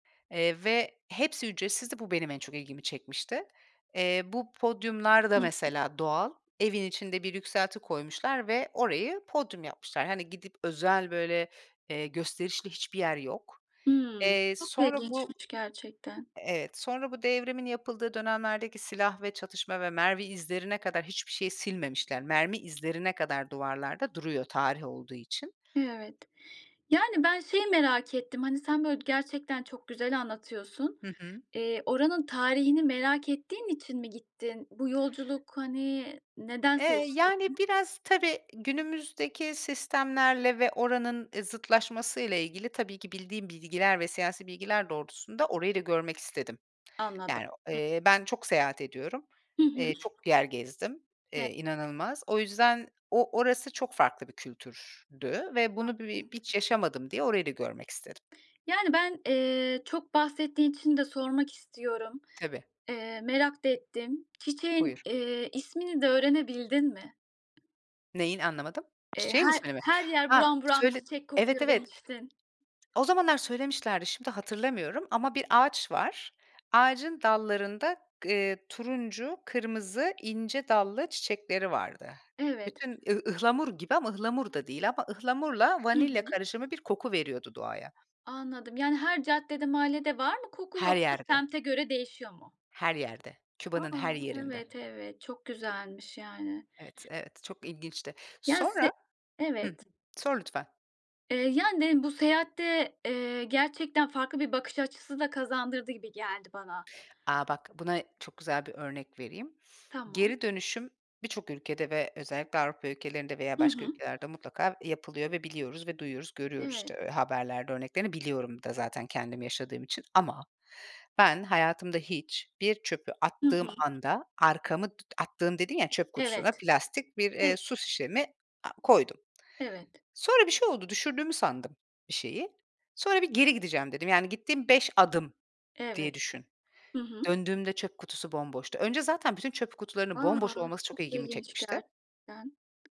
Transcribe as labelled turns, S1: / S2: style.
S1: Eee, ve hepsi ücretsizdi. Bu benim en çok ilgimi çekmişti. Eee, bu podyumlar da
S2: Hı hı.
S1: mesela doğal. Evin içinde bir yükselti koymuşlar ve orayı podyum yapmışlar. Hani gidip özel, böyle, eee, gösterişli hiçbir yer yok.
S2: Hımm,
S1: Eee,
S2: çok
S1: sonra bu
S2: ilginçmiş gerçekten.
S1: Evet, sonra bu devrimin yapıldığı dönemlerdeki silah ve çatışma ve mermi izlerine kadar hiçbir şey silmemişler. Mermi izlerine kadar duvarlarda duruyor tarih olduğu için.
S2: Evet. Yani ben şeyi merak ettim. Hani sen böyle gerçekten çok güzel anlatıyorsun.
S1: Hı hı.
S2: Eee, oranın tarihini merak ettiğin için mi gittin? Bu yolculuk hani neden
S1: Eee,
S2: seçtin?
S1: yani biraz, tabii, günümüzdeki sistemlerle ve oranın e, zıtlaşmasıyla ilgili tabii ki bildiğim bilgiler ve siyasi bilgiler doğrultusunda orayı da görmek istedim.
S2: Anladım.
S1: Yani,
S2: Hı.
S1: eee, ben çok seyahat ediyorum.
S2: Hı hı.
S1: Eee, çok yer gezdim,
S2: He.
S1: eee, inanılmaz. O yüzden o orası çok farklı bir kültürdü ve bunu bir
S2: Anlıyorum.
S1: hiç yaşamadım diye orayı da görmek istedim.
S2: Yani, ben, eee, çok bahsettiğin için de sormak istiyorum.
S1: Tabii.
S2: Eee, merak da ettim. Çiçeğin,
S1: Buyur.
S2: eee, ismini de öğrenebildin mi?
S1: Neyin? Anlamadım.
S2: Eee,
S1: Çiçeğin
S2: "Her
S1: ismi mi?
S2: her yer
S1: Ha,
S2: buram buram
S1: şöyle
S2: çiçek
S1: Evet
S2: kokuyor."
S1: evet.
S2: demiştin.
S1: O zamanlar söylemişlerdi şimdi hatırlamıyorum ama bir ağaç var. Ağacın dallarında g eee turuncu, kırmızı, ince dallı çiçekleri vardı.
S2: Evet.
S1: Bütün ıh ıhlamur gibi ama ıhlamur da değil ama ıhlamurla
S2: Hı
S1: vanilya
S2: hı.
S1: karışımı bir koku veriyordu doğaya.
S2: Anladım. Yani her caddede mahallede var mı koku?
S1: Her
S2: Yoksa
S1: yerde.
S2: semte göre değişiyor mu?
S1: Her yerde, Küba'nın her
S2: A,
S1: yerinde.
S2: evet, evet. Çok güzelmiş yani.
S1: Evet, evet, çok ilginçti.
S2: Ya,
S1: Sonra
S2: se
S1: Hı.
S2: evet.
S1: Sor lütfen.
S2: Eee, yani, dedim bu seyahatte, eee, gerçekten farklı bir bakış açısı da kazandırdı gibi geldi bana.
S1: A! Bak, buna çok güzel bir örnek vereyim.
S2: Tamam.
S1: Geri dönüşüm birçok ülkede ve özellikle Avrupa ülkelerinde veya
S2: Hı
S1: başka
S2: hı.
S1: ülkelerde mutlaka yapılıyor ve biliyoruz ve duyuyoruz, görüyoruz,
S2: Evet.
S1: işte, haberlerde örneklerini biliyorum da zaten kendim yaşadığım için. Ama ben hayatımda hiç bir çöpü
S2: Hı
S1: attığım
S2: hı.
S1: anda arkamı t attığım dediğim ya, çöp kutusuna
S2: Evet.
S1: plastik bir,
S2: Ev
S1: eee, su şişemi a koydum.
S2: Evet.
S1: Sonra bir şey oldu, düşürdüğümü sandım bir şeyi. Sonra "Bir geri gideceğim." dedim. Yani gittiğim 5 adım diye
S2: Evet.
S1: düşün.
S2: Hı hı.
S1: Döndüğümde çöp kutusu bomboştu. Önce zaten bütün çöp kutularının
S2: A,
S1: bomboş olması
S2: çok
S1: çok ilgimi
S2: ilginç
S1: çekmişti.
S2: gerçekten.